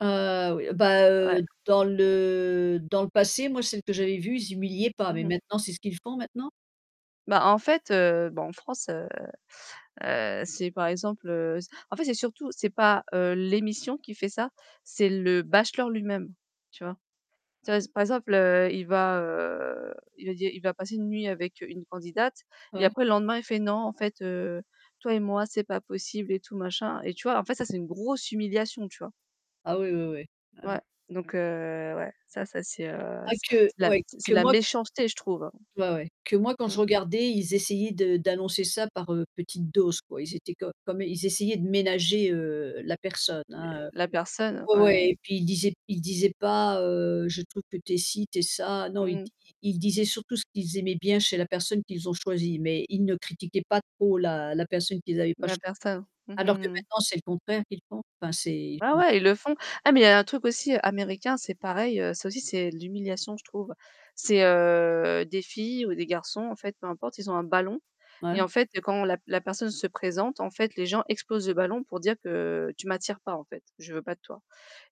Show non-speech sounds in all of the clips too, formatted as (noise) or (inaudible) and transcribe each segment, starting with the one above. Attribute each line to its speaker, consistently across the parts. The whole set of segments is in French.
Speaker 1: Heu oui bah,
Speaker 2: Ouais.
Speaker 1: heu, dans le dans le passé moi celles que j'avais vues, ils humiliaient pas,
Speaker 2: Mmh
Speaker 1: mais
Speaker 2: mh.
Speaker 1: maintenant c'est ce qu'ils font maintenant?
Speaker 2: Bah en fait, heu, bon en France, heu, heu, c'est par exemple, heu, en fait, c'est surtout c'est pas l'émission qui fait ça, c'est le bachelor lui-même, tu vois? Tu vois, par exemple il va, heu, il va dire il va passer une nuit avec une candidate et
Speaker 1: Ouais.
Speaker 2: après le lendemain il fait: «Non en fait, heu, toi et moi c'est pas possible» et tout machin. Et tu vois, en fait, ça c'est une grosse humiliation, tu vois?
Speaker 1: Ah oui oui oui. Ah ouais.
Speaker 2: Ouais, donc heu, ouais, ça ça c'est, heu,
Speaker 1: Ah
Speaker 2: c
Speaker 1: que
Speaker 2: c'est de la
Speaker 1: ouais,
Speaker 2: c'est
Speaker 1: que
Speaker 2: de la
Speaker 1: moi
Speaker 2: méchanceté, je trouve.
Speaker 1: ouais ouais, que moi quand je
Speaker 2: Mmh.
Speaker 1: regardais, ils essayaient de d'annoncer ça par, heu, petites doses quoi. Ils étaient comme comme ils essayaient de ménager, heu, la personne,
Speaker 2: Mais
Speaker 1: hein, heu.
Speaker 2: la personne
Speaker 1: Ouais ouais,
Speaker 2: ouais.
Speaker 1: et puis ils disaient ils disaient pas, heu: «Je trouve que tu es ci, tu es ça». Non,
Speaker 2: Mmh mh.
Speaker 1: ils-ils disaient surtout ce qu'ils aimaient bien chez la personne qu'ils ont choisie mais ils ne critiquaient pas trop la la personne qu'ils avaient pas
Speaker 2: La
Speaker 1: choisie.
Speaker 2: personne, mmh,
Speaker 1: Alors que
Speaker 2: mmh, mmh.
Speaker 1: maintenant c'est le contraire qu'ils font? Enfin c'est.
Speaker 2: Ah
Speaker 1: (unintelligible)
Speaker 2: ouais, ils le font. Ah mais il y a un truc aussi américain, c'est pareil, ça aussi c'est de l'humiliation, je trouve. C'est, heu, des filles ou des garçons en fait, peu importe, ils ont un ballon. Et
Speaker 1: Ouais.
Speaker 2: en fait quand la la personne se présente, en fait, les gens explosent le ballon pour dire que: «Tu m'attires pas en fait, je veux pas de toi»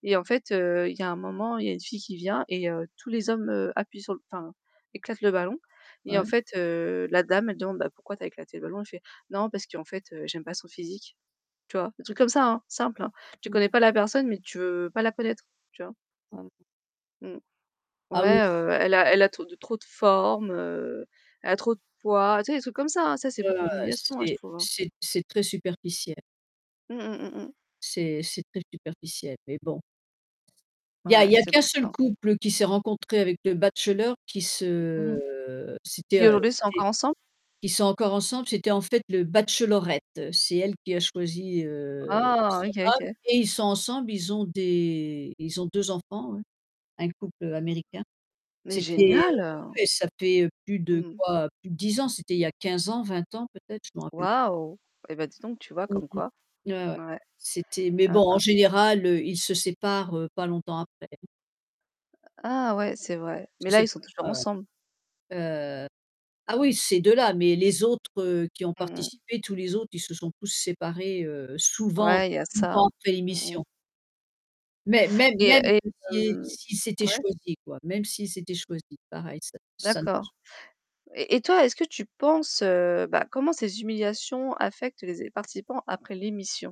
Speaker 2: et en fait, heu, il y un moment, il y a une fille qui vient et heu, tous les hommes, heu, appuient sur enfin, éclatent le ballon et en
Speaker 1: Ouais.
Speaker 2: fait, heu, la dame elle demande: «Bah, pourquoi tu as éclaté le ballon?» Il fait: «Non parce qu'en fait, heu, j'aime pas son physique». Tu vois? Des trucs comme ça, hein, simple, hein. Tu
Speaker 1: (unintelligible)
Speaker 2: connais pas la personne, mais tu veux pas la connaître, tu vois?
Speaker 1: Ouais.
Speaker 2: Mmh.
Speaker 1: Ah oui
Speaker 2: Ouais,
Speaker 1: c'est
Speaker 2: heu, elle a elle a trop de trop de formes, heu, elle a trop de poids, tu sais des trucs comme ça, hein, ça c'est beaucoup
Speaker 1: Ouais
Speaker 2: d'humiliation, hein, je
Speaker 1: c'est
Speaker 2: trouve, hein.
Speaker 1: c'est c'est très superficiel.
Speaker 2: Mmh mh, mmh mh.
Speaker 1: C'est c'est très superficiel, mais bon. Il y a
Speaker 2: Ouais,
Speaker 1: il y a
Speaker 2: c'est
Speaker 1: qu'un
Speaker 2: pour
Speaker 1: seul
Speaker 2: ça.
Speaker 1: couple qui s'est rencontré avec le bachelor qui
Speaker 2: Mmh mh.
Speaker 1: se c'était,
Speaker 2: Qui
Speaker 1: heu,
Speaker 2: aujourd'hui sont
Speaker 1: c'était
Speaker 2: encore ensemble?
Speaker 1: qui sont encore ensemble, c'était en fait le bachelorette, c'est elle qui a choisi, heu,
Speaker 2: Oh,
Speaker 1: son
Speaker 2: OK
Speaker 1: homme
Speaker 2: OK.
Speaker 1: et ils sont ensemble, ils ont des ils ont 2 enfants hein, un couple, heu, américain.
Speaker 2: Mais
Speaker 1: C'était heu, bah
Speaker 2: génial.
Speaker 1: ouais, ça fait plus de
Speaker 2: Mmh mh.
Speaker 1: quoi? Plus de 10 ans, c'était il y a 15 ans, 20 ans peut-être, je me rappelle p
Speaker 2: Waouh. Eh bah, dis donc tu vois, comme quoi.
Speaker 1: (unintelligible) Ouais ouais.
Speaker 2: Ouais.
Speaker 1: C'était mais
Speaker 2: Mmh
Speaker 1: bon en
Speaker 2: mh.
Speaker 1: général, heu, ils se séparent, heu, pas longtemps après.
Speaker 2: Ah ouais, c'est vrai. Mais
Speaker 1: Ils
Speaker 2: là,
Speaker 1: se
Speaker 2: ils sont toujours
Speaker 1: séparent,
Speaker 2: ensemble?
Speaker 1: heu. Heu, ah oui, ces 2 là, mais les autres, heu, qui ont
Speaker 2: Mmh mh.
Speaker 1: participé, tous les autres, ils se sont tous séparés, heu, souvent
Speaker 2: Ouais, il y a
Speaker 1: pas
Speaker 2: de ça.
Speaker 1: longtemps après
Speaker 2: Mmh mh.
Speaker 1: l'émission. Mê-mê
Speaker 2: Et
Speaker 1: même
Speaker 2: et
Speaker 1: si
Speaker 2: hem.
Speaker 1: s'ils s'étaient
Speaker 2: Ouais?
Speaker 1: choisi quoi, même s'ils s'étaient choisis, pareil ça ça ne
Speaker 2: D'accord.
Speaker 1: marche
Speaker 2: Et et toi, est-ce que tu penses, heu, bah, comment ces humiliations affectent les zé participants après l'émission?